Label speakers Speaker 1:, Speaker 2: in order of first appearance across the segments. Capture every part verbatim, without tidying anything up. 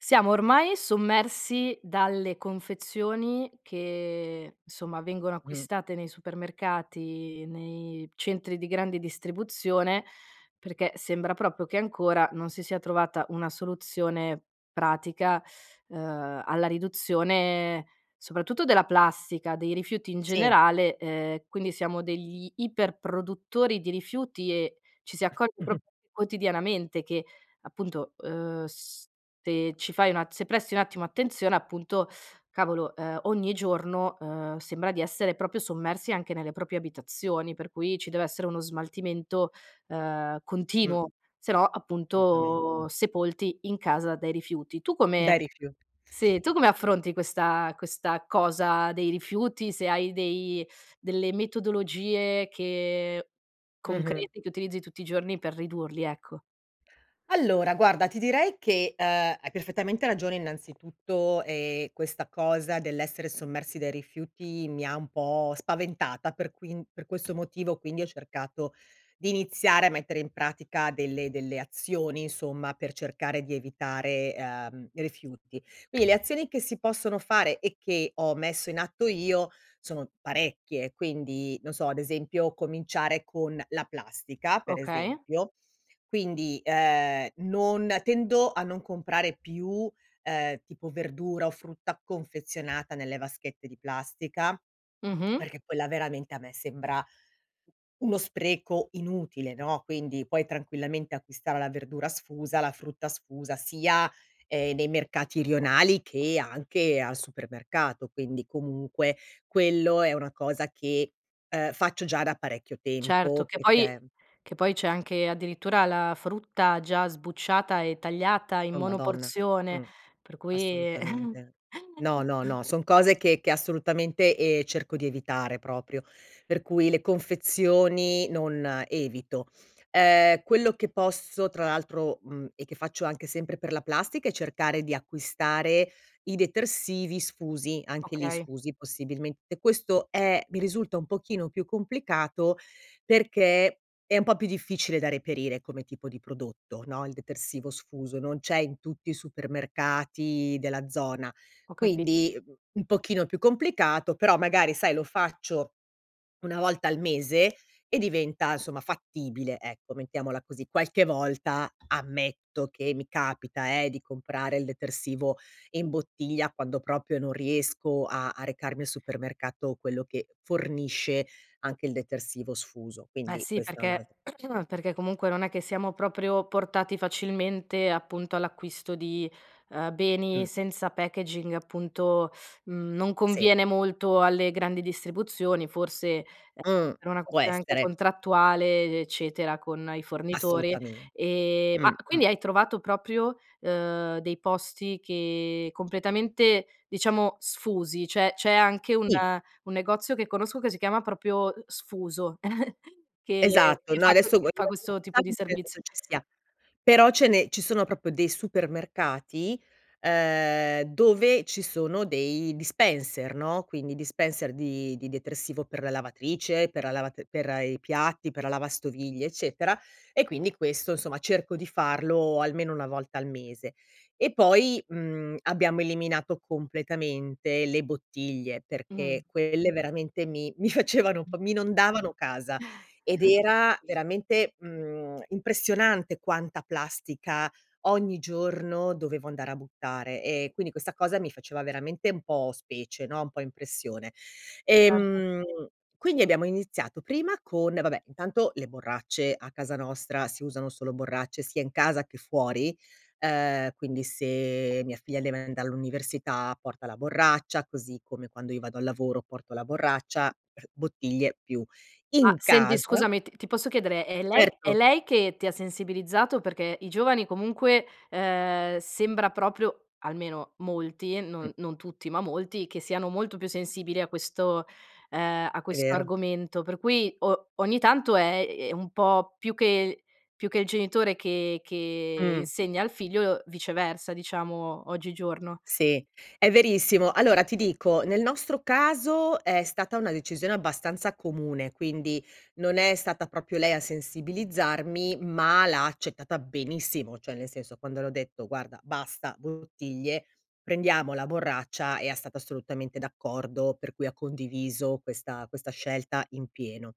Speaker 1: Siamo ormai sommersi dalle confezioni, che nsomma vengono
Speaker 2: Mh.
Speaker 1: acquistate nei supermercati nei centri di grande distribuzione, perché sembra proprio che ancora non si sia trovata una soluzione pratica, ehm, alla riduzione soprattutto della plastica, dei rifiuti in
Speaker 2: Sì.
Speaker 1: generale, ehm, quindi siamo degli iper produttori di rifiuti e ci si accorge proprio quotidianamente che appunto, uhm, se ci fai una se presti un attimo attenzione, appunto cavolo, ehm, ogni giorno, uhm, sembra di essere proprio sommersi anche nelle proprie abitazioni. Per cui ci deve essere uno smaltimento, uhm,
Speaker 2: Mh.
Speaker 1: continuo, sennò
Speaker 2: solutamente.
Speaker 1: appunto sepolti in casa dai rifiuti. Tu come
Speaker 2: Dai rifiu
Speaker 1: seh, tu come affronti questa questa cosa dei rifiuti? Se hai dei delle metodologie che
Speaker 2: Mh-mh.
Speaker 1: concreti che utilizzi tutti i giorni per ridurli, ecco.
Speaker 2: Allora, guarda ti direi che, uhm, hai perfettamente ragione innanzitutto e questa cosa dell'essere sommersi dai rifiuti mi ha un po' spaventata, per quin per questo motivo quindi ho cercato di iniziare a mettere in pratica delle delle azioni, insomma, per cercare di evitare, uhm, rifiuti. quidi le azioni che si possono fare e che ho messo in atto io, sono parecchie. Quindi non so ad esempio cominciare con la plastica per
Speaker 1: Okay.
Speaker 2: esempio, quindi, uhm, non tendo a non comprare più, uhm, tipo verdura o frutta confezionata nelle vaschette di plastica,
Speaker 1: Mh-mh.
Speaker 2: perché quella veramente a me sembra uno spreco inutile, no, quindi puoi tranquillamente acquistare la verdura sfusa, la frutta sfusa, sia, ehm, nei mercati rionali che anche al supermercato. Quindi comunque quello è una cosa che, uhm, faccio già da parecchio
Speaker 1: Certo
Speaker 2: tempo,
Speaker 1: che poi
Speaker 2: perché
Speaker 1: che poi c'è anche addirittura la frutta già sbucciata e tagliata in
Speaker 2: Oh Madonna,
Speaker 1: monoporzione
Speaker 2: mh,
Speaker 1: per cui
Speaker 2: assolutamente. No, no, no, son cose che che assolutamente, ehm, cerco di evitare proprio per cui le confezioni non evito. Uhm, quello che posso tra l'altro, mhmm, e che faccio anche sempre per la plastica è cercare di acquistare i detersivi sfusi, anche lì
Speaker 1: Okay.
Speaker 2: sfusi possibilmente. Questo è mi risulta un pochino più complicato, perché è un po' più difficile da reperire come tipo di prodotto, no, il detersivo sfuso. Non c'è in tutti i supermercati della zona,
Speaker 1: Ho capi
Speaker 2: quindi un pochino più complicato. Però magari sai, lo faccio una volta al mese e diventa insomma fattibile, ecco mettiamola così. Qualche volta ammetto che mi capita, eh, di comprare il detersivo in bottiglia, quando proprio non riesco a a recarmi al supermercato, quello che fornisce anche il detersivo sfuso,
Speaker 1: Beh,
Speaker 2: quindi
Speaker 1: sì,
Speaker 2: questa è un'al
Speaker 1: perché perché comunque non è che siamo proprio portati facilmente, appunto, all'acquisto di, uhm, beni
Speaker 2: Mh.
Speaker 1: senza packaging appunto, mhmm, non
Speaker 2: Sì.
Speaker 1: conviene molto alle grandi distribuzioni, forse a
Speaker 2: Mh,
Speaker 1: per una
Speaker 2: può
Speaker 1: anche
Speaker 2: essere.
Speaker 1: contrattuale, eccetera, con i fornitori.
Speaker 2: Assolutamente,
Speaker 1: E ma
Speaker 2: mh, mh.
Speaker 1: quindi hai trovato proprio, uhm, dei posti che completamente diciamo sfusi? Cioè, c'è anche un
Speaker 2: Sì.
Speaker 1: un negozio che conosco, che si chiama propio, sfuso che
Speaker 2: Esatto.
Speaker 1: che
Speaker 2: No
Speaker 1: fa
Speaker 2: adesso
Speaker 1: c fa questo tipo di
Speaker 2: [unintelligible]
Speaker 1: serviz
Speaker 2: penso ci sia, però ce ne ci sono proprio dei supermercati, uhm, dove ci sono dei dispenser, no, quindi dispenser di di detersivo per la lavatrice, per la lav per i piatti, per la lavastoviglie, eccetera. E quindi questo insomma cerco di farlo almeno una volta al mese. E poi, mhmm, abbiamo eliminato completamente le bottiglie.
Speaker 1: Mh.
Speaker 2: Perché quelle veramente mi mi facevano un
Speaker 1: Mh.
Speaker 2: po' mi inondavano casa, ed era veramente, mhmm, impressionante quanta plastica ogni giorno dovevo andare a buttare, ehm, quindi questa cosa mi faceva veramente un po' specie, no, un po' impressione.
Speaker 1: Certo.
Speaker 2: Ehm, quindi abbiamo iniziato prima con vabbè intanto le borracce a casa nostra si usano solo borracce sia in casa che fuori, uhm, quindi se mia figlia deve andar all'università porta la borraccia, così come quando io vado al lavoro porto la borraccia bottiglie più
Speaker 1: Ma
Speaker 2: in
Speaker 1: senti,
Speaker 2: casa
Speaker 1: scusami t ti posso chiedere: è lei è
Speaker 2: certo.
Speaker 1: lei che ti ha sensibilizzato? Perché i giovani comunque, ehm, sembra proprio almeno molti,
Speaker 2: Mh.
Speaker 1: non non tutti ma molti, che siano molto più sensibili a questo, ehm, a
Speaker 2: È
Speaker 1: questo
Speaker 2: vero.
Speaker 1: argomento per cui o ogni tanto è è un po' più che più che il genitore che che
Speaker 2: Mh.
Speaker 1: insegna al figlio, viceversa, diciamo, oggigiorno.
Speaker 2: Sì, è verissimo. Allora ti dico, nel nostro caso è stata una decisione abbastanza comune. Quindi non è stata proprio lei a sensibilizzarmi, ma l'ha accettata benissimo, cioè nel senso, quando le ho detto: "Guarda basta bottiglie, prendiamo la borraccia" ea stata assolutamente d'accordo per cui ha condiviso questa questa scelta in pieno.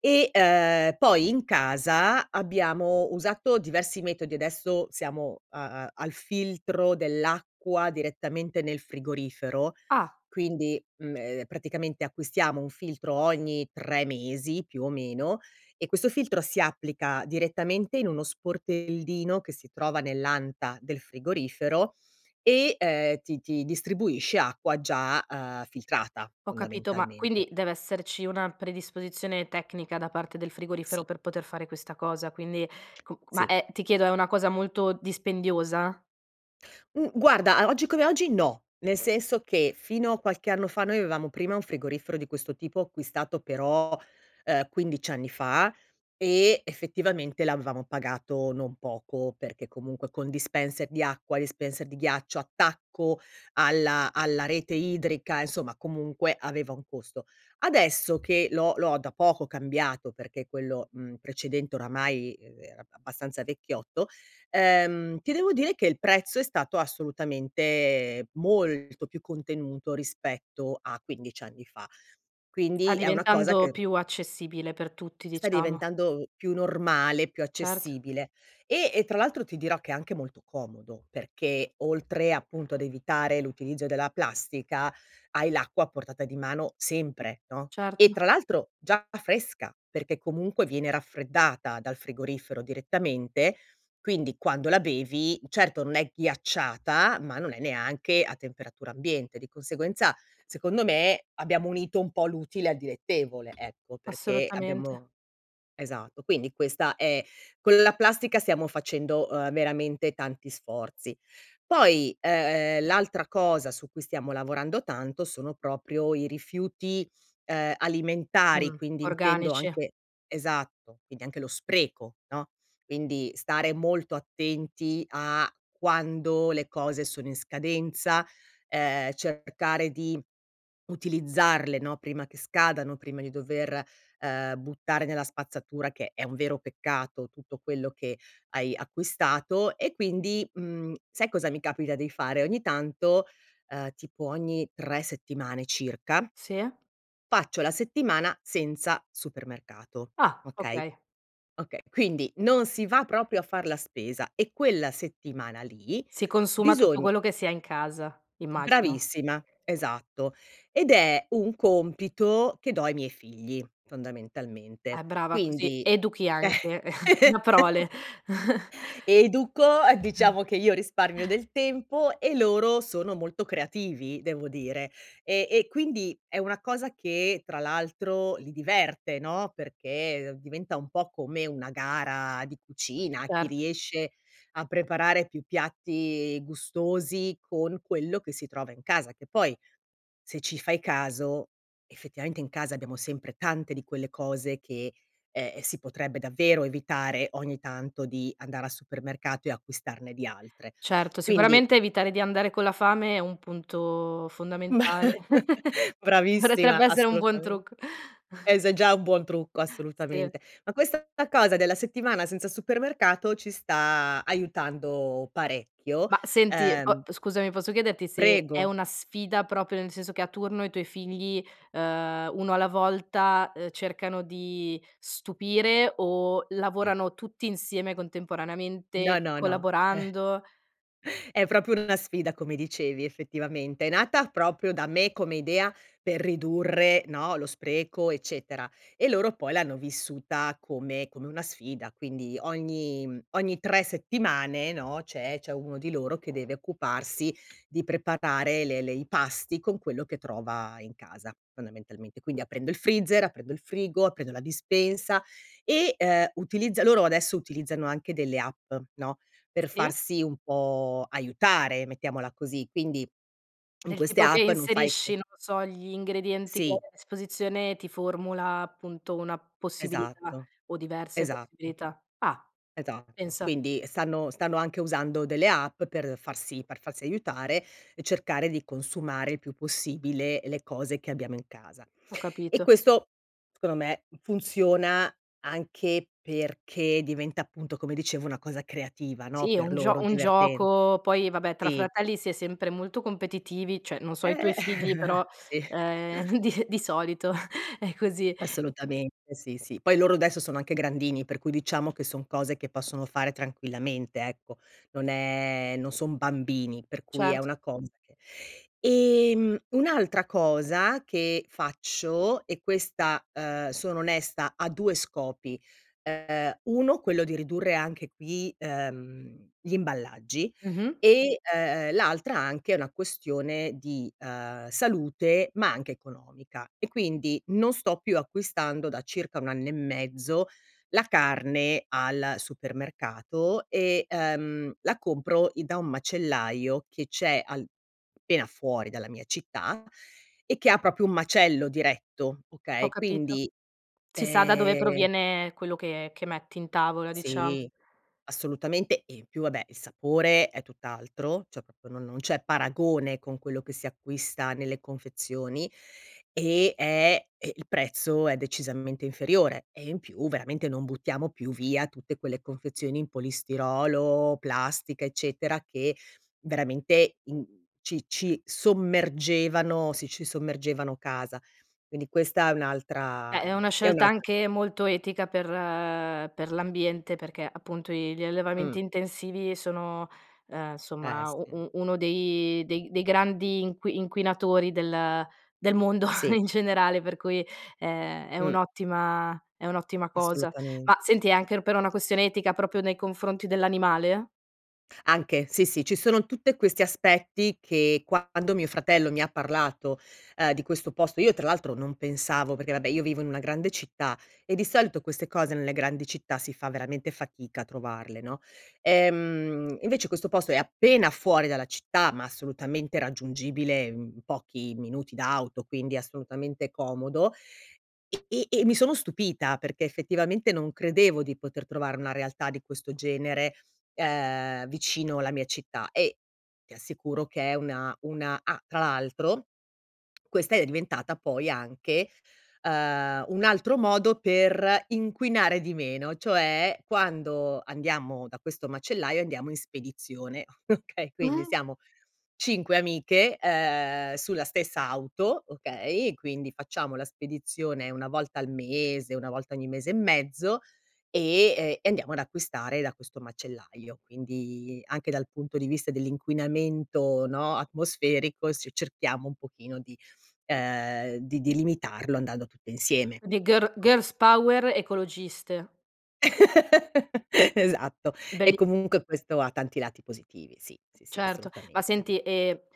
Speaker 2: E, uhm, poi in casa abbiamo usato diversi metodi adesso siamo, uhm, a al filtro dell'acqua direttamente nel frigorifero.
Speaker 1: Ah.
Speaker 2: Quindi, mhmm, ehm, praticamente acquistiamo un filtro ogni tre mesi, più o meno, e questo filtro si applica direttamente in uno sportellino che si trova nell'anta del frigorifero e, ehm, ti ti distribuisce acqua già, uhm, filtrata,
Speaker 1: Ho capito, ma
Speaker 2: fondamentalmente.
Speaker 1: quindi deve esserci una predisposizione tecnica da parte del frigorifero,
Speaker 2: Sì.
Speaker 1: per poter fare questa cosa. Quindi co c ma,
Speaker 2: Sì.
Speaker 1: è ti chiedo è una cosa molto dispendiosa?
Speaker 2: Mh, guarda o oggi come oggi no. Nel senso che fino a qualche anno fa noi avevamo prima un frigorifero di questo tipo acquistato però, uhm, quindici anni fa e effettivamente l'avevamo pagato non poco perché comunque con dispenser di acqua, dispenser di ghiaccio, attacco alla alla rete idrica, insomma, comunque aveva un costo. Adesso, che l'ho l'ho da poco cambiato perché quello, mhmm, precedente oramai, ehm, era abbastanza vecchiotto, ehm, ti devo dire che il prezzo è stato assolutamente molto più contenuto rispetto a quindici anni fa.
Speaker 1: Sta
Speaker 2: Quindi è una cosa
Speaker 1: diventando
Speaker 2: che
Speaker 1: più accessibile per tutti,
Speaker 2: sta
Speaker 1: diciamo.
Speaker 2: diventando più normale, più
Speaker 1: Certo.
Speaker 2: accessibile. E e tra l'altro ti dirò che è anche molto comodo, perché oltre appunto ad evitare l'utilizzo della plastica, hai l'acqua a portata di mano sempre, no e
Speaker 1: Certo.
Speaker 2: tra l'altro già fresca perché comunque viene raffreddata dal frigorifero direttamente, quindi quando la bevi, certo non è ghiacciata, ma non è neanche a temperatura ambiente, di conseguenza secondo me abbiamo unito un po' l'utile al dilettevole, ecco. Perché
Speaker 1: Assolutamente.
Speaker 2: abbiamo esatto. Quindi questa è con la plastica, stiamo facendo veramente tanti sforzi. Poi, ehm, l'altra cosa su cui stiamo lavorando tanto sono proprio i rifiuti, uhm, alimentari
Speaker 1: Mh,
Speaker 2: quindi intendo
Speaker 1: organici.
Speaker 2: anche esatto, quindi anche lo spreco, no? Quindi stare molto attenti a quando le cose sono in scadenza, ehm, cercare di utilizzarle, no, prima che scadano, prima di dover, uhm, buttare nella spazzatura, che è un vero peccato, tutto quello che hai acquistato e quindi, mhmm, sai cosa mi capita di fare? Ogni tanto, uhm, tipo ogni tre settimane circa
Speaker 1: Sì.
Speaker 2: faccio la settimana senza supermercato,
Speaker 1: Ah!
Speaker 2: okay?
Speaker 1: Okay.
Speaker 2: Okay, quindi non si va proprio a far la spesa e quella settimana lì
Speaker 1: Si consuma tutto
Speaker 2: bisogn
Speaker 1: quello che si ha in casa, immagino.
Speaker 2: bravissima, esatto, ed è un compito che do' ai miei figli
Speaker 1: Eh,
Speaker 2: fondamentalmente,
Speaker 1: brava, così
Speaker 2: quindi
Speaker 1: educhi anche una prole.
Speaker 2: educo, a diciamo che io risparmio del tempo e loro sono molto creativi, devo dire, e e quindi è una cosa che, tra l'altro, li diverte, no, perché diventa un po' come una gara di cucina. Chi
Speaker 1: Certo.
Speaker 2: riesce a preparare più piatti gustosi con quello che si trova in casa, che poi, se ci fai caso, effettivamente in casa abbiamo sempre tante di quelle cose che, eh, si potrebbe davvero evitare, ogni tanto di andare al supermercato e acquistarne di altre.
Speaker 1: Certo,
Speaker 2: Quindi
Speaker 1: sicuramente evitare di andare con la fame è un punto fondamentale, potrebbe
Speaker 2: Bravissima
Speaker 1: essere un buon
Speaker 2: assolutame
Speaker 1: trucco.
Speaker 2: eh, se già un buon trucco
Speaker 1: Sì.
Speaker 2: assolutamente. Ma questa cosa della settimana senza supermercato ci sta aiutando parecchio,
Speaker 1: Mah senti, po
Speaker 2: uhm
Speaker 1: scusami posso chiederti se è
Speaker 2: Prego.
Speaker 1: una sfida, proprio nel senso che a turno i tuoi figli, uhm, uno alla volta, ehm, cercano di stupire o
Speaker 2: Sì.
Speaker 1: lavorano tutti insieme
Speaker 2: No,
Speaker 1: contemporaneamente,
Speaker 2: no, no,
Speaker 1: collaborando?
Speaker 2: eh è proprio una sfida, come dicevi effettivamente. È nata proprio da me come idea per ridurre, no, lo spreco eccetera e loro poi l'hanno vissuta come come una sfida, quindi ogni ogni tre settimane, no, c'è c'è uno di loro che deve occuparsi di preparare le le i pasti con quello che trova in casa, fondamentalmente. Quindi aprendo il freezer, aprendo il frigo, aprendo la dispensa e, uhm, utilizza loro adesso utilizzano anche delle app, no, per
Speaker 1: Sì.
Speaker 2: farsi un po' aiutare, mettiamola così, quindi in
Speaker 1: Del
Speaker 2: queste
Speaker 1: tipo che
Speaker 2: app non fai
Speaker 1: inserisci,
Speaker 2: e
Speaker 1: non lo so, gli ingredienti che
Speaker 2: Sì.
Speaker 1: a disposizione ti formula appunto una possibilità
Speaker 2: Esatto,
Speaker 1: o diverse
Speaker 2: esatto.
Speaker 1: possibilità. Ah,
Speaker 2: Esatto,
Speaker 1: pensa.
Speaker 2: quindi stanno stanno anche usando delle app per farsi per farsi aiutare e cercare di consumare il più possibile le cose che abbiamo in casa.
Speaker 1: Ho
Speaker 2: E
Speaker 1: capito.
Speaker 2: questo, scondo me funziona anche perché diventa appunto come dicevo una cosa creativa, no,
Speaker 1: Sì, è
Speaker 2: per
Speaker 1: un gio
Speaker 2: loro,
Speaker 1: un
Speaker 2: diverten
Speaker 1: gioco poi vabbè tra
Speaker 2: sì.
Speaker 1: fratelli si è sempre molto competitivi, cioè non so i tuoi
Speaker 2: Eh,
Speaker 1: figli però,
Speaker 2: sì.
Speaker 1: ehm, di di solito è così.
Speaker 2: Assolutamente, sì, sì, poi loro adesso sono anche grandini per cui diciamo che son cose che possono fare tranquillamente, ecco. Non è non son bambini per cui è
Speaker 1: Certo.
Speaker 2: una cosa che ehm, un'altra cosa che faccio e questa, uhm, sono onesta, ha due scopi. Uhm, uno quello di ridurre anche qui, uhm, gli imballaggi,
Speaker 1: Mh-mh.
Speaker 2: e, uhm, l'altra anche è una questione di, uhm, salute ma anche economica e quindi non sto più acquistando, da circa un anno e mezzo, la carne al supermercato e, uhm, la compro da i un macellaio che c'è al pena fuori dalla mia città e che ha proprio un macello diretto,
Speaker 1: Ho
Speaker 2: okay,
Speaker 1: capito.
Speaker 2: quindi,
Speaker 1: Si sa da dove
Speaker 2: ehm
Speaker 1: proviene quello che che metti in tavola, diciamo.
Speaker 2: Sì, assolutamente e in più vabbè il sapore è tutt'altro, cioè proprio non non c'è paragone con quello che si acquista nelle confezioni. E è il prezzo è decisamente inferiore e in più veramente non buttiamo più via tutte quelle confezioni in polistirolo, plastica, eccetera, che veramente in ci ci sommergevano sì, ci sommergevano casa. Quindi questa è un'altra
Speaker 1: Eh, è una
Speaker 2: è
Speaker 1: scelta
Speaker 2: un'altra
Speaker 1: anche
Speaker 2: co
Speaker 1: molto etica per per l'ambiente, perché appunto gli gli
Speaker 2: Mh.
Speaker 1: allevamenti intensivi sono, uhm,
Speaker 2: Eh
Speaker 1: nsomma
Speaker 2: sì.
Speaker 1: uno dei dei grandi inqui inquinatori del del mondo
Speaker 2: Sì.
Speaker 1: in generale per cui è è
Speaker 2: Mh.
Speaker 1: un'ottima è un'ottima cosa,
Speaker 2: Assolutamen
Speaker 1: ma senti anche per una questione etica proprio nei confronti dell'animale?
Speaker 2: Anche, sì sì. Ci sono tutte questi aspetti, che quando mio fratello mi ha parlato, uhm, di questo posto io tra l'altro non pensavo, perché vabbè io vivo in una grande città e di solito queste cose nelle grandi città si fa veramente fatica a trovarle, no? Ehm, invece questo posto è appena fuori dalla città, ma assolutamente raggiungibile in pochi minuti d'auto. Quindi assolutamente comodo, e e mi sono stupita perché effettivamente non credevo di poter trovare una realtà di questo genere, uhm, vicino alla mia città e ti assicuro che è una una ah, tra l'altro questa è diventata poi anche, uhm, un altro modo per inquinare di meno: cioè, quando andiamo da questo macellaio andiamo in spedizione, okay. Quindi siamo cinque amiche, ehm, sulla stessa auto, okay, quindi facciamo la spedizione una volta al mese, una volta ogni mese e mezzo e e andiamo ad acquistare da questo macellaio, quindi anche dal punto di vista dell'inquinamento, no, atmosferico, se cerchiamo un pochino di, ehm, di di limitarlo andando tutte insieme,
Speaker 1: Di girl
Speaker 2: ecco.
Speaker 1: girl's power ecologiste.
Speaker 2: Esatto, e
Speaker 1: Belli.
Speaker 2: comunque questo ha tanti lati positivi. Sì, sì, sì
Speaker 1: Certo ma
Speaker 2: assolutamente.
Speaker 1: senti e,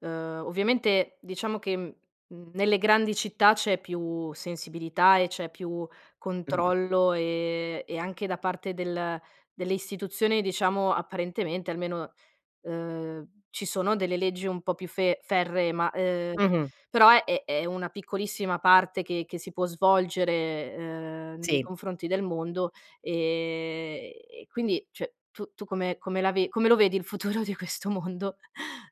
Speaker 1: uhm, ovviamente, diciamo che, mhmm, nelle grandi città c'è più sensibilità e c'è più
Speaker 2: Mh.
Speaker 1: controllo e e anche da parte del delle istituzioni, diciamo, apparentemente almeno, uhm, ci sono delle leggi un po' più fe ferree, ma, uhm,
Speaker 2: Mh-mh.
Speaker 1: però è è una piccolissima parte che che si può svolgere, uhm, nei
Speaker 2: Sì.
Speaker 1: confronti del mondo. E e quindi cè tu tu come come la ve come lo vedi il futuro di questo mondo?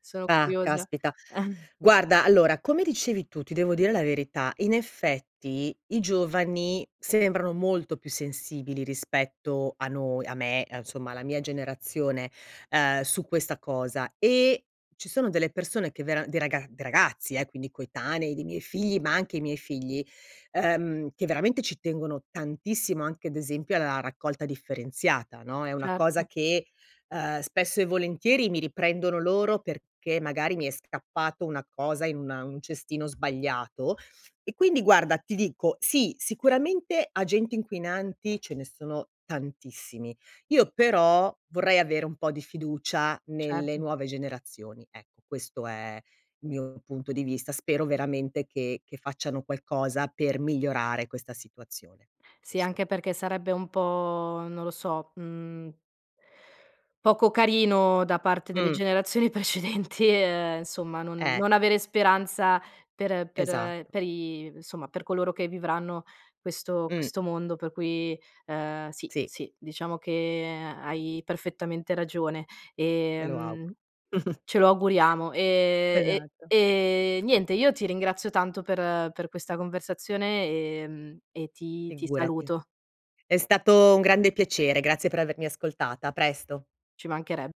Speaker 1: Sono
Speaker 2: Ah,
Speaker 1: curiosa.
Speaker 2: caspita. Guarda, allora, come dicevi tu, ti devo dire la verità, in effetti i giovani sembrano molto più sensibili, rispetto a noi a me, a insomma, alla mia generazione, ehm, su questa cosa e ci sono delle persone che vera dei raga dei ragazzi, eh, quindi coetanei, dei miei figli ma anche i miei figli, uhm, che veramente ci tengono tantissimo anche ad esempio alla raccolta differenziata, no, è una cosa
Speaker 1: Certo.
Speaker 2: che, uhm, spesso e volentieri mi riprendono loro perché magari mi è scappato una cosa in una in un cestino sbagliato. E quindi guarda, ti dico, sì, sicuramente agenti inquinanti ce ne sono tantissimi, io però vorrei avere un po' di fiducia nelle
Speaker 1: Certo.
Speaker 2: nuove generazioni. Ecco, questo è il mio punto di vista. Spero veramente che che facciano qualcosa per migliorare questa situazione.
Speaker 1: Sì,
Speaker 2: Questo.
Speaker 1: anche perché sarebbe un po', non lo so, mhmm, poco carino, da parte delle
Speaker 2: Mh.
Speaker 1: generazioni precedenti, ehm, somma non
Speaker 2: Eh.
Speaker 1: non avere speranza per per
Speaker 2: Esatto.
Speaker 1: per i nsomma per coloro che vivranno questo
Speaker 2: Mh.
Speaker 1: questo mondo per cui, ehm, sì,
Speaker 2: Sì.
Speaker 1: sì, diciamo che hai perfettamente ragione,
Speaker 2: Me lo
Speaker 1: ehm,
Speaker 2: auguro.
Speaker 1: ce lo auguriamo. Ehm, e
Speaker 2: Esatto.
Speaker 1: e niente, io ti ringrazio tanto per per questa conversazione, ehm, e ti ti
Speaker 2: Figurati.
Speaker 1: saluto.
Speaker 2: È stato un grande piacere. Grazie per avermi ascoltata. A presto.
Speaker 1: Ci manchereb